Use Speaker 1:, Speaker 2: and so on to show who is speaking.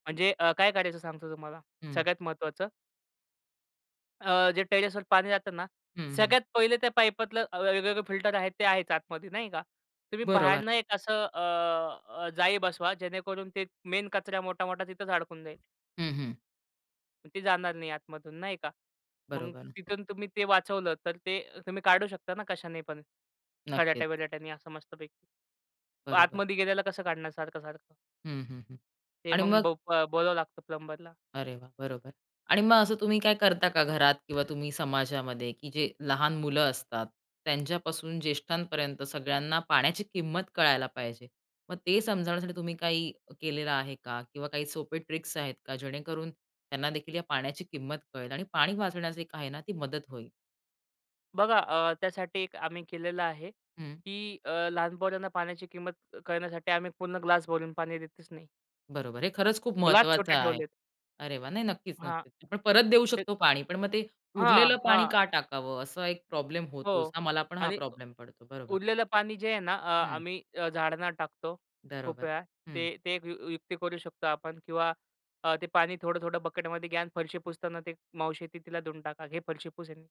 Speaker 1: म्हणजे अ, काय कारायचं सांगतो तुम्हाला,
Speaker 2: हं.
Speaker 1: सगळ्यात महत्वाचं अ, जे टेरेसवर पाणी जातं ना,
Speaker 2: हं, हं.
Speaker 1: सगळ्यात पहिले ते पाईपातलं अ, वेगवेगळे फिल्टर आहे ते आहेच आतमध्ये, नाही का? तुम्ही
Speaker 2: बरोबर.
Speaker 1: बाहेरनं एक असं अ, अ, जाळी बसवा, जेणेकरून ते मेन कचरा मोठा-मोठा तिथेच अडकून जाईल.
Speaker 2: हं, हं.
Speaker 1: मग ते जाणार नाही आतमधून नाही का? मग
Speaker 2: बरोबर.
Speaker 1: तिथून तुम्ही ते वाचवलं तर ते अ, तुम्ही काढू शकता ना कशाने पण,
Speaker 2: नक्कीच.
Speaker 1: खराट्या-विराट्याने असं, मस्तपैकी.
Speaker 2: बरोबर.
Speaker 1: आतमध्ये गेलेला कसं काढणार सारखं-सारखं?
Speaker 2: हं, हं, हं.
Speaker 1: ते
Speaker 2: आणि
Speaker 1: मग
Speaker 2: मग
Speaker 1: बोक अ, बोलवाव लागतं, प्लंबर ला.
Speaker 2: अरे वाह! बरोबर आणि मग असं तुम्ही काय करता का घरात किंवा तुम्ही समाजामध्ये, की जे लहान मुलं असतात, त्यांच्यापासून ज्येष्ठांपर्यंत सगळ्यांना पाण्याची किंमत कळायला पाहिजे. मग ते समजावण्यासाठी तुम्ही काही केलेलं आहे का? किंवा काही सोपे ट्रिक्स आहेत का जेणेकरून, त्यांनादेखील या पाण्याची किंमत कळेल आणि पाणी वाचवण्याची एक आहे ना ती मदत होईल?
Speaker 1: बघा, अ, त्यासाठी एक आम्ही केलेलं आहे,
Speaker 2: हं.
Speaker 1: की अ, लहान पोरांना पाण्याची किंमत क कळण्यासाठी आम्ही पूर्ण ग्लास भरून पाणी देतच नाही.
Speaker 2: बरोबर, हे खरंच खूप
Speaker 1: ग्लास
Speaker 2: महत्वाचं
Speaker 1: छोटे
Speaker 2: आहे.
Speaker 1: ठेवलेत.
Speaker 2: अरे वाह! नाही, नक्कीच,
Speaker 1: हां.
Speaker 2: नक्कीच. पण परत देऊ
Speaker 1: ते
Speaker 2: शकतो पाणी पण मग ते उरलेलं
Speaker 1: हां,
Speaker 2: पाणी
Speaker 1: हां.
Speaker 2: का टाकावं असा एक प्रॉब्लेम होतोच.
Speaker 1: हो
Speaker 2: आम्हाला पण हा
Speaker 1: आणि उ
Speaker 2: प्रॉब्लेम पडतो. बरोबर.
Speaker 1: उरलेलं पाणी जे आहे ना, अ,
Speaker 2: हं.
Speaker 1: आम्ही अ, झाडांना टाकतो खूप
Speaker 2: बरोबर.
Speaker 1: वेळा.
Speaker 2: हं.
Speaker 1: ते ते ए एक यु युक्ती करू शकतो आपण. किंवा अ, ते पाणी थोडं-थोडं बकेटमध्ये घ्या आणि फरशी पुसताना ते मावशी येतील तिला देऊन टाका, "घे, फरशी पुस ह्यानी."